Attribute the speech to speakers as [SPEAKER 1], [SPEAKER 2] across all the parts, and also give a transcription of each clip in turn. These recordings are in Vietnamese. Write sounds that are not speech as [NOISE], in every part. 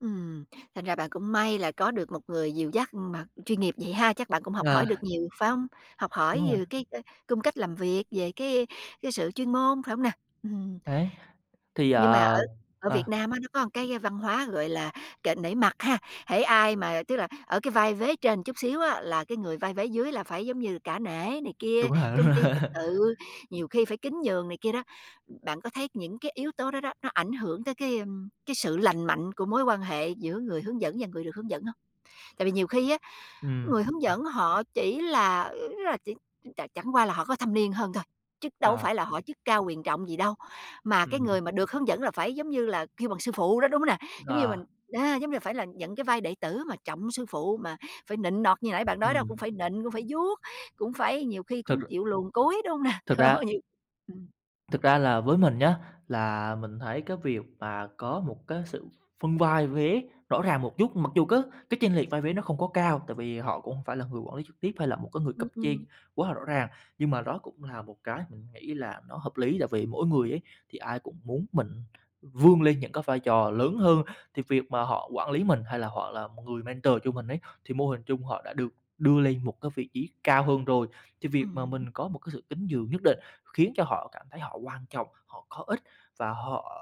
[SPEAKER 1] Ừm, thành ra bạn cũng may là có được một người dìu dắt mà chuyên nghiệp vậy ha, chắc bạn cũng học
[SPEAKER 2] Ờ.
[SPEAKER 1] hỏi được nhiều, phải hông? Học hỏi
[SPEAKER 2] Đúng rồi.
[SPEAKER 1] về cái, ơ, cung cách làm việc, về cái cái sự chuyên môn, phải hông nè? Ừm.
[SPEAKER 2] Đấy, thì,
[SPEAKER 1] Nhưng mà ở
[SPEAKER 2] ờ
[SPEAKER 1] ở Việt
[SPEAKER 2] ờ.
[SPEAKER 1] Nam á nó có một cái văn hóa gọi là kệ nể mặt ha. Hễ ai mà tức là ở cái vai vế trên một chút xíu á, là cái người vai vế dưới là phải giống như cả nể này kia,
[SPEAKER 2] Đúng rồi, đúng
[SPEAKER 1] tôn
[SPEAKER 2] rồi.
[SPEAKER 1] ti trật
[SPEAKER 2] [LAUGHS]
[SPEAKER 1] tự, nhiều khi phải kính nhường này kia đó. Bạn có thấy những cái yếu tố đó đó, nó ảnh hưởng tới cái, ơm, cái sự lành mạnh của mối quan hệ giữa người hướng dẫn và người được hướng dẫn hông? Tại vì nhiều khi á
[SPEAKER 2] Ừm.
[SPEAKER 1] người hướng dẫn họ chỉ là, ớ, là chỉ ch chẳng chẳng qua là họ có thâm niên hơn thôi, chứ đâu có phải
[SPEAKER 2] Ờ.
[SPEAKER 1] là họ chức cao quyền trọng gì đâu. Mà cái
[SPEAKER 2] Ừm.
[SPEAKER 1] người mà được hướng dẫn là phải, giống như là, kêu bằng sư phụ đó, đúng hông nè? Giống như mình,
[SPEAKER 2] Ờ.
[SPEAKER 1] a, giống như là phải là nhận cái vai đệ tử mà trọng sư phụ mà phải nịnh nọt như nãy bạn nói đó
[SPEAKER 2] Ừm.
[SPEAKER 1] cũng phải nịnh, cũng phải vuốt, cũng phải nhiều khi
[SPEAKER 2] Thật
[SPEAKER 1] cũng
[SPEAKER 2] r
[SPEAKER 1] chịu luồn cúi, đúng hông nè?
[SPEAKER 2] Thực ra
[SPEAKER 1] [LAUGHS] Nhiều Ừm.
[SPEAKER 2] Thực ra là với mình nhá, là mình thấy cái việc mà có một cái sự phân vai vế rõ ràng một chút, mặc dù cái cái chênh lệch vai vé nó không có cao tại vì họ cũng hông phải là người quản lý trực tiếp hay là một cái người cấp
[SPEAKER 1] Ừm,
[SPEAKER 2] trên
[SPEAKER 1] ừm.
[SPEAKER 2] quá là rõ ràng, nhưng mà đó cũng là một cái mình nghĩ là nó hợp lý. Tại vì mỗi người ấy thì ai cũng muốn mình vươn lên những cái vai trò lớn hơn, thì việc mà họ quản lý mình hay là họ là người mentor cho mình ấy, thì mô hình chung họ đã được đưa lên một cái vị trí cao hơn rồi. Thì việc mà
[SPEAKER 1] Ừm.
[SPEAKER 2] mình có một cái sự kính nhường nhất định khiến cho họ cảm thấy họ quan trọng, họ có ích và họ,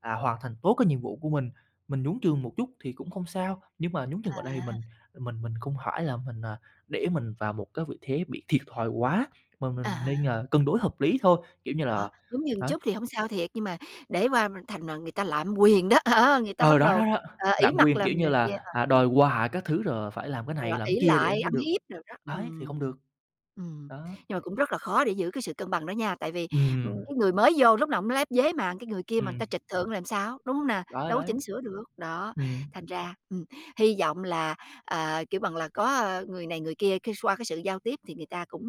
[SPEAKER 2] à, hoàn thành tốt cái nhiệm vụ của mình. Mình nhún trường một chút thì cũng không sao, nhưng mà nhúng nhường ở đây thì
[SPEAKER 1] À.
[SPEAKER 2] mình mình mình không phải là mình, à, để mình vào một cái vị thế bị thiệt thòi quá mà
[SPEAKER 1] À
[SPEAKER 2] mình nên,
[SPEAKER 1] há.
[SPEAKER 2] ờ, cân đối hợp lý thôi, kiểu như là
[SPEAKER 1] Đó, nhún nhường
[SPEAKER 2] đấy.
[SPEAKER 1] chút thì hông sao thiệt, nhưng mà để qua thành mà người ta lạm quyền đó, đó, người ta
[SPEAKER 2] Ừ,
[SPEAKER 1] bắt
[SPEAKER 2] đó,
[SPEAKER 1] đầu,
[SPEAKER 2] đó, đó,
[SPEAKER 1] ờ, ỷ
[SPEAKER 2] lạm
[SPEAKER 1] mặt
[SPEAKER 2] quyền, kiểu
[SPEAKER 1] làm
[SPEAKER 2] như
[SPEAKER 1] này kia,
[SPEAKER 2] là,
[SPEAKER 1] ờ,
[SPEAKER 2] à, đòi
[SPEAKER 1] ừm.
[SPEAKER 2] quà các thứ rồi phải làm cái này
[SPEAKER 1] Ờ,
[SPEAKER 2] làm
[SPEAKER 1] ỷ
[SPEAKER 2] kia để
[SPEAKER 1] lại
[SPEAKER 2] có
[SPEAKER 1] ăn
[SPEAKER 2] được
[SPEAKER 1] hiếp đồ đó.
[SPEAKER 2] đấy, thì
[SPEAKER 1] Ừm,
[SPEAKER 2] không được.
[SPEAKER 1] ừm,
[SPEAKER 2] Đó.
[SPEAKER 1] nhưng mà cũng rất là khó để giữ cái sự cân bằng đó nha, tại vì, ưm,
[SPEAKER 2] Ừm.
[SPEAKER 1] cái người mới vô lúc nào cũng lép vế mà cái người kia mà người
[SPEAKER 2] Ừm.
[SPEAKER 1] ta trịch thượng làm sao, đúng hông nè?
[SPEAKER 2] Đấy,
[SPEAKER 1] Đâu có
[SPEAKER 2] đấy.
[SPEAKER 1] chỉnh sửa được, đó,
[SPEAKER 2] Ừm.
[SPEAKER 1] thành ra, ừm, hy vọng là, ờ, kêu bằng là, có, ơ, người này người kia cái x qua cái sự giao tiếp thì người ta cũng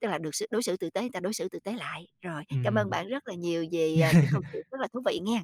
[SPEAKER 1] tức là được xử đối xử tử tế, người ta đối xử tử tế lại. Rồi, cảm ơn
[SPEAKER 2] Ừm.
[SPEAKER 1] bạn rất là nhiều vì, à, cái câu chuyện
[SPEAKER 2] [LAUGHS]
[SPEAKER 1] rất là thú vị nghen.